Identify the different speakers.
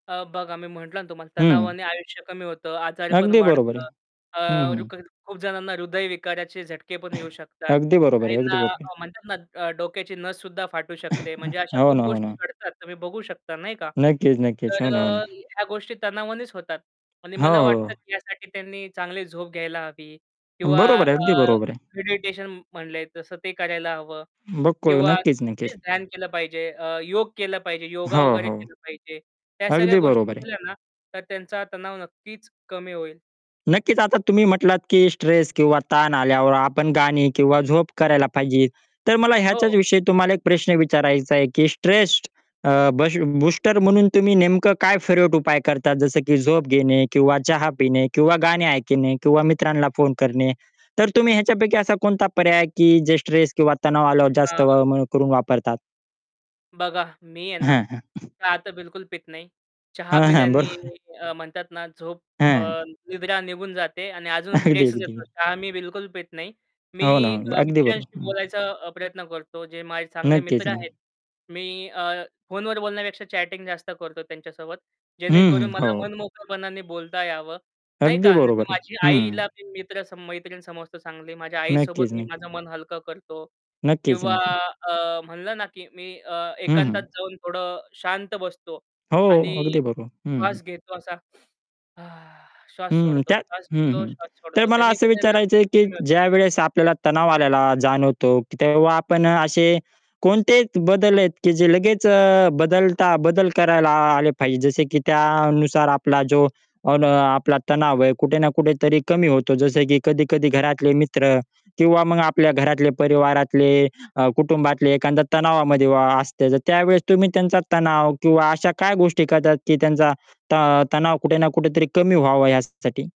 Speaker 1: अ, बघा, आम्ही म्हटलं ना तुम्हाला,
Speaker 2: हं.
Speaker 1: तणावाने आयुष्य कमी होतं. आजारपण
Speaker 2: अगदी बरोबर आहे.
Speaker 1: वाढतं. अ,
Speaker 2: हं, हं.
Speaker 1: रुकर खूप जणांना हृदयविकाराचे झटके पण येऊ शकतात.
Speaker 2: अगदी बरोबर आहे, अगदी
Speaker 1: काहींना
Speaker 2: बरोबर आहे.
Speaker 1: म्हणतात ना, अ, डोक्याची नस सुद्धा फाटू शकते. म्हणजे अशा
Speaker 2: हो
Speaker 1: खूप
Speaker 2: ना, हो
Speaker 1: गोष्टी
Speaker 2: ना
Speaker 1: घडतात, तुम्ही बघू शकता, नाही का?
Speaker 2: नक्कीच, नक्कीच.
Speaker 1: तर
Speaker 2: हो
Speaker 1: अ,
Speaker 2: ना, हो ना.
Speaker 1: ह्या गोष्टी तणावानेच होतात. आणि
Speaker 2: हो,
Speaker 1: मला वाटतं
Speaker 2: हो.
Speaker 1: की यासाठी त्यांनी चांगली झोप घ्यायला हवी किंवा
Speaker 2: बरोबर आहे. अगदी
Speaker 1: अ,
Speaker 2: बरोबर आहे.
Speaker 1: मेडिटेशन म्हणलंय तसं ते करायला हवं.
Speaker 2: बघतोय
Speaker 1: किंवा
Speaker 2: नक्कीच, नक्कीच.
Speaker 1: तेच ध्यान केलं पाहिजे. अ, योग केलं पाहिजे, योगा
Speaker 2: हो.
Speaker 1: वगैरे
Speaker 2: हो.
Speaker 1: केलं पाहिजे. ह्या सगळ्या
Speaker 2: अगदी
Speaker 1: गोष्टी
Speaker 2: बरोबर आहे.
Speaker 1: केल्या ना, तर त्यांचा तणाव नक्कीच कमी होईल.
Speaker 2: नक्कीच. आता तुम्ही म्हटलात की स्ट्रेस किंवा ताण आल्यावर आपण गाणी किंवा झोप करायला पाहिजे. तर मला ह्याच्याच
Speaker 1: हो.
Speaker 2: विषयी तुम्हाला एक प्रश्न विचारायचा आहे की स्ट्रेस्ड अ, बसीव बूस्टर म्हणून तुम्ही नेमकं काय फिरवट उपाय करतात जसं की झोप घेणे किंवा चहा पिणे किंवा गाणी ऐकणे किंवा मित्रांना फोन करणे तर तुम्ही ह्याच्यापैकी असा कोणता पर्याय आहे की जे स्ट्रेस किंवा तणाव आल्यावर जास्त
Speaker 1: हां.
Speaker 2: वळ-मळ करून वापरतात?
Speaker 1: बघा, मी आहे ना,
Speaker 2: हां, हां.
Speaker 1: चहा तर बिलकुल पीत नाही. चहा
Speaker 2: हां, हां. बरोबर
Speaker 1: पिल्याने
Speaker 2: आहे.
Speaker 1: अ, म्हणतात ना, झोप, अ,
Speaker 2: हां.
Speaker 1: निद्रा निघून जाते आणि अजून
Speaker 2: अगदी,
Speaker 1: स्ट्रेसच
Speaker 2: अगदी.
Speaker 1: येतो. चहा मी बिलकुल पीत नाही.
Speaker 2: हो ना,
Speaker 1: मी
Speaker 2: हो.
Speaker 1: अ,
Speaker 2: अगदी बरोबर.
Speaker 1: मित्रांशी
Speaker 2: हं.
Speaker 1: बोलायचा प्रयत्न करतो, जे माझे चांगले
Speaker 2: नक्कीच,
Speaker 1: मित्र
Speaker 2: नाही.
Speaker 1: आहेत. मी अ, फोनवर बोलण्यापेक्षा चॅटिंग जास्त करतो त्यांच्यासोबत.
Speaker 2: हं,
Speaker 1: जेणेकरून
Speaker 2: हं.
Speaker 1: मला
Speaker 2: हो.
Speaker 1: मनमोकळपणाने बोलता यावं. नाही
Speaker 2: अगदी
Speaker 1: का. नाहीतर
Speaker 2: बरोबर आहे.
Speaker 1: माझी
Speaker 2: हं.
Speaker 1: आईला मी मित्र सम मैत्रीण समजतो चांगली. माझ्या आईसोबत
Speaker 2: नक्कीच,
Speaker 1: मी
Speaker 2: नक्की.
Speaker 1: माझं मन हलकं करतो.
Speaker 2: नक्कीच,
Speaker 1: किंवा
Speaker 2: नक्की.
Speaker 1: अ, म्हणलं ना, की मी अ,
Speaker 2: हं, हं.
Speaker 1: एकांतात जाऊन थोडं शांत बसतो
Speaker 2: हो.
Speaker 1: आणि
Speaker 2: अगदी बरोबर. हं, हं.
Speaker 1: श्वास घेतो. असा श्वास
Speaker 2: हं,
Speaker 1: सोडतो.
Speaker 2: त्यात
Speaker 1: श्वास
Speaker 2: हं,
Speaker 1: घेतो,
Speaker 2: हं.
Speaker 1: श्वास
Speaker 2: तर
Speaker 1: सोडतो.
Speaker 2: मला
Speaker 1: त्यानी
Speaker 2: असं
Speaker 1: पण आहे ना,
Speaker 2: विचारायचंय, की
Speaker 1: कमी होतात.
Speaker 2: ज्यावेळेस आपल्याला तणाव आल्याला जाणवतो, की तेव्हा आपण अ, असे कोणते त बदल आहेत, की जे लगेच अ, बदलता बदल करायला आ आले पाहिजे. जसे की त्यानुसार आपला जो, अन् आपला तणाव आहे, कुठे ना कुठे तरी कमी होतो. जसं की कधी-कधी घरातले मित्र किंवा मग आपल्या घरातले, परिवारातले, अ, कुटुंबातले एखादा तणावामध्ये वा असते. तर त्यावेळेस तुम्ही त्यांचा तणाव किंवा अशा काय गोष्टी करतात, की त्यांचा त अ, तणाव कुठे ना कुठेतरी कमी व्हावा, यासाठी?